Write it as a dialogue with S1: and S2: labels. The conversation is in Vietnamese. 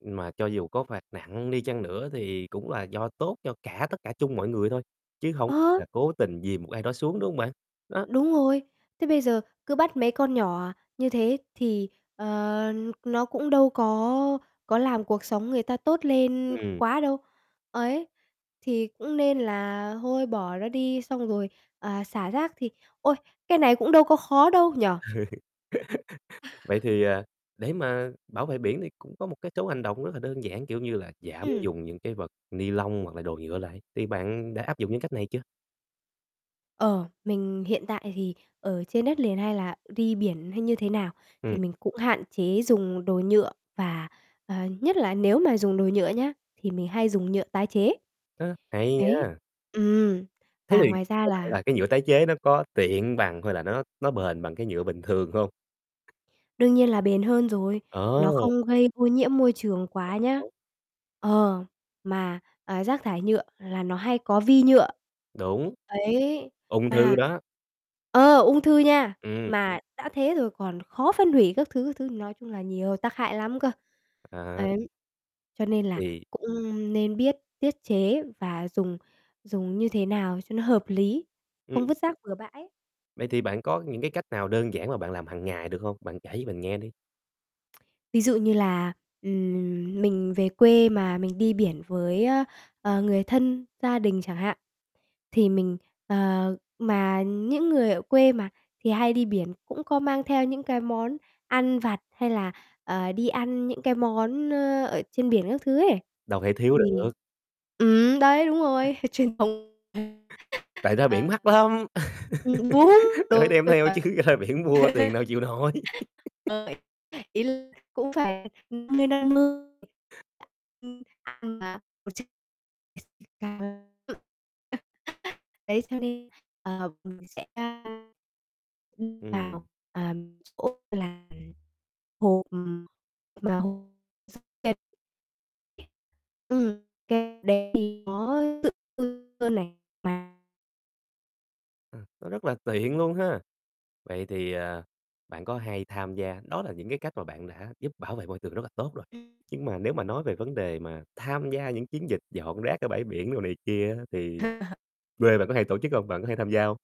S1: Mà cho dù có phạt nặng đi chăng nữa thì cũng là do tốt cho cả tất cả chung mọi người thôi, chứ hổng
S2: Ờ!
S1: là cố tình dìm một ai đó xuống, đúng hông bạn? Đó.
S2: Đúng rồi, thế bây giờ cứ bắt mấy con nhỏ như thế thì, ờ, nó cũng đâu có có làm cuộc sống người ta tốt lên
S1: Ừm.
S2: quá đâu ấy, thì cũng nên là thôi, bỏ nó đi. Xong rồi, à, xả rác thì ôi, cái này cũng đâu có khó đâu nhỉ?
S1: Vậy thì, à, để mà bảo vệ biển thì cũng có một cái số hành động rất là đơn giản, kiểu như là, giảm
S2: Ừm.
S1: dùng những cái vật ni-lông hoặc là đồ nhựa lại, thì bạn đã áp dụng những cách này chưa?
S2: Ờ, mình hiện tại thì ở trên đất liền, hay là đi biển, hay như thế nào, thì
S1: Ừm.
S2: mình cũng hạn chế dùng đồ nhựa, và, ờ, nhất là nếu mà dùng đồ nhựa nhá, thì mình hay dùng nhựa tái chế.
S1: Ơ, hay
S2: Đấy,
S1: nha!
S2: ừm,
S1: Thế
S2: và
S1: thì
S2: ngoài ra
S1: theo bạn
S2: là
S1: là cái nhựa tái chế nó có tiện bằng, hay là nó nó bền bằng cái nhựa bình thường hông?
S2: Đương nhiên là bền hơn rồi,
S1: Ờ.
S2: nó không gây ô nhiễm môi trường quá
S1: [unintelligible]
S2: nhá.
S1: Tốt.
S2: Ờ, mà, ờ, rác thải nhựa là nó hay có vi nhựa,
S1: Đúng,
S2: đấy,
S1: ung thư
S2: mà
S1: đó.
S2: ờ, ung thư nha!
S1: Ừm.
S2: Mà đã thế rồi còn khó phân hủy các thứ, các thứ, nói chung là nhiều tác hại lắm cơ,
S1: À.
S2: ấy. Cho nên là
S1: Thì
S2: cũng nên biết tiết chế, và dùng dùng như thế nào cho nó hợp lý,
S1: Ừm.
S2: không vứt rác bừa bãi.
S1: Vậy thì bạn có những cái cách nào đơn giản mà bạn làm hằng ngày được hông? Bạn kể cho mình nghe đi.
S2: Ví dụ như là, ừm, mình về quê mà mình đi biển với, ơ, ờ, người thân, gia đình chẳng hạn, thì mình ờ, mà những người ở quê mà, thì hay đi biển cũng có mang theo những cái món ăn vặt, hay là, ờ, đi ăn những cái món, ơ, ở trên biển các thứ ấy,
S1: Đâu thể thiếu
S2: thì
S1: được.
S2: ừm, đấy, đúng rồi, h truyền thống,
S1: Tại
S2: [unintelligible]
S1: ra biển
S2: ờ.
S1: mắc lắm,
S2: Ừm, đúng,
S1: nên phải
S2: đúng
S1: đem
S2: [unintelligible]
S1: theo chứ, ra biển mua tiền đâu chịu nổi.
S2: [unintelligible] ý là cũng phải 50/ 50. [unintelligible] Đấy, cho nên, ờ, mình sẽ [unintelligible] đựng
S1: Ừm.
S2: vào, à, chỗ là hộp, ừm, mà h [unintelligible] ừm, cái đấy thì nó tự [unintelligible] hơn này, mà
S1: À, nó rất là tiện luôn ha? Vậy thì, à, bạn có hay tham gia đó là những cái cách mà bạn đã giúp bảo vệ môi trường rất là tốt rồi, nhưng mà nếu mà nói về vấn đề mà tham gia những chiến dịch dọn rác ở bãi biển đồ này kia á, thì quê bạn có hay tổ chức hông? Bạn có hay tham gia hông?